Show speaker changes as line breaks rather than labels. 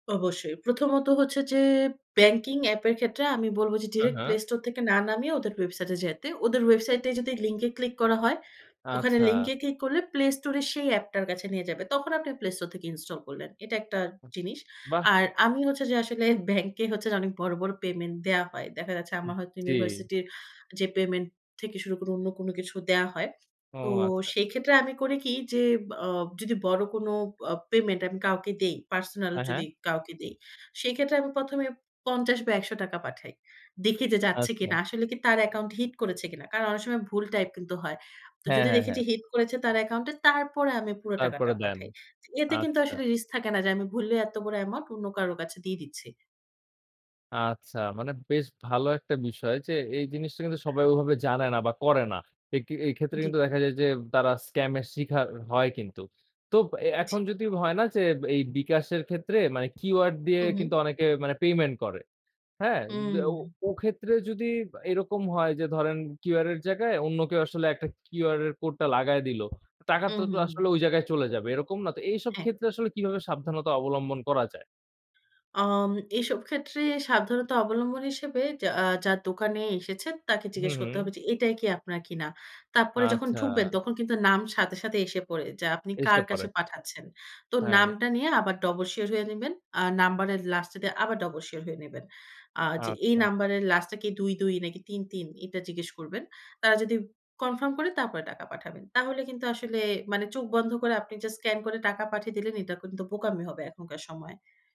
অবশ্যই, প্রথমত হচ্ছে যে ব্যাংকিং এ্যাপের ক্ষেত্রে আমি বলব যে
হ্যাঁ,
ডিরেক্ট
হ্যাঁ।
প্লে স্টোর থেকে না নামিয়ে ওদের ওয়েবসাইটে যাইতে। ওদের ওয়েবসাইটেই যদি লিঙ্কে ক্লিক করা হয়, ওখানে
আচ্ছা।
লিঙ্কে ক্লিক করলে প্লে স্টোরে সেই অ্যাপটার কাছে নিয়ে যাবে। তখন আপনি প্লে স্টোর থেকে ইনস্টল করলেন। এটা একটা জিনিস।
বাহ!
আর আমি হচ্ছে যে আসলে ব্যাংকে হচ্ছে যে অনেক বড়, বড় পেমেন্ট দেয়া হয়। দেখা যাচ্ছে
উব
আমার হয়তো
জি।
ইউনিভার্সিটির যে পেমেন্ট থেকে শুরু করে অন্য কোন কিছু দেয়া হয়।
ও
তো
আচ্ছা।
সেক্ষেত্রে আমি করি কি যে আ যদি বড় কোনো অ পেমেন্ট আমি কাউকে দেই, পার্সোনাল
হ্যাঁ, হ্যাঁ।
যদি কাউকে দেই। সেইক্ষেত্রে আমি ১ম এ ৫০ বা ৳১০০ পাঠাই। দেখি যে যাচ্ছে
আচ্ছা।
কিনা। আসলে কি তার অ্যাকাউন্ট হিট করেছে কিনা। কারণ অনেক সময় ভুল টাইপ কিন্তু হয়। তো
হ্যাঁ,
যদি
হ্যাঁ,
দেখেছি
হ্যাঁ।
হিট করেছে তার অ্যাকাউন্টে তারপরে আমি পুরা টাকাটা
তারপরে দেন।
পাঠাই। এতে কিন্তু
আচ্ছা।
আসলে রিস্ক থাকে না যে আমি ভুলে এত বড় অ্যামাউন্ট অন্য কারো কাছে দিয়ে দিচ্ছি।
আচ্ছা মানে বেশ ভালো একটা বিষয় যে এই জিনিসটা কিন্তু সবাই ওভাবে জানে না বা করে না। এই কি এই ক্ষেত্রে
জ্বী।
কিন্তু দেখা যায় যে তারা স্কাম শিখার হয় কিন্তু। তো অ্যা এখন
জি।
যদি হয় না যে এই বিকাশের ক্ষেত্রে মানে কিউআর দিয়ে
হুম, হুম।
কিন্তু অনেকে মানে পেমেন্ট করে। হ্যাঁ ব্যা ও
হুম।
ও ক্ষেত্রে যদি বা এরকম হয় যে ধরেন কিউআর এর জায়গায় অন্য কেউ আসলে একটা কিউআর এর কোড টা লাগায় দিল। টাকা
হুম,
তো, তো
হুম, হুম।
আসলে ঐ জায়গায় চলে যাবে। এরকম না? তো এইসব
হ্যাঁ।
ক্ষেত্রে আসলে কিভাবে সাবধানতা অবলম্বন করা যায়?
আম এসব ক্ষেত্রে সাবধানতা অবলম্বন হিসেবে যা আ যার দোকানে এসেছেন তাকে
হুম,
জিজ্ঞেস করতে
হুম।
হবে যে এটাই কি আপনার কিনা। তারপরে যখন
আচ্ছা।
ঢুকবেন তখন কিন্তু নাম সাথে, সাথে এসে পড়ে যা আপনি
এসে
কার
পড়ে।
কাছে পাঠাচ্ছেন। তো
হ্যাঁ।
নামটা নিয়ে আবার ডবল শিওর হয়ে নিবেন। আ নাম্বারের লাস্টে দিয়ে আবার ডবল শিওর হয়ে নিবেন। আ যে এই
আচ্ছা।
নাম্বারের লাস্টে কি ২,২ নাকি ৩,৩ এটা জিজ্ঞেস করবেন। তারা যদি কনফার্ম করে তারপরে টাকা পাঠাবেন। তাহলে কিন্তু আসলে মানে চোখ বন্ধ করে আপনি জাস্ট স্ক্যান করে টাকা পাঠিয়ে দিলেন এটা কিন্তু বোকামি হবে এখনকার সময়।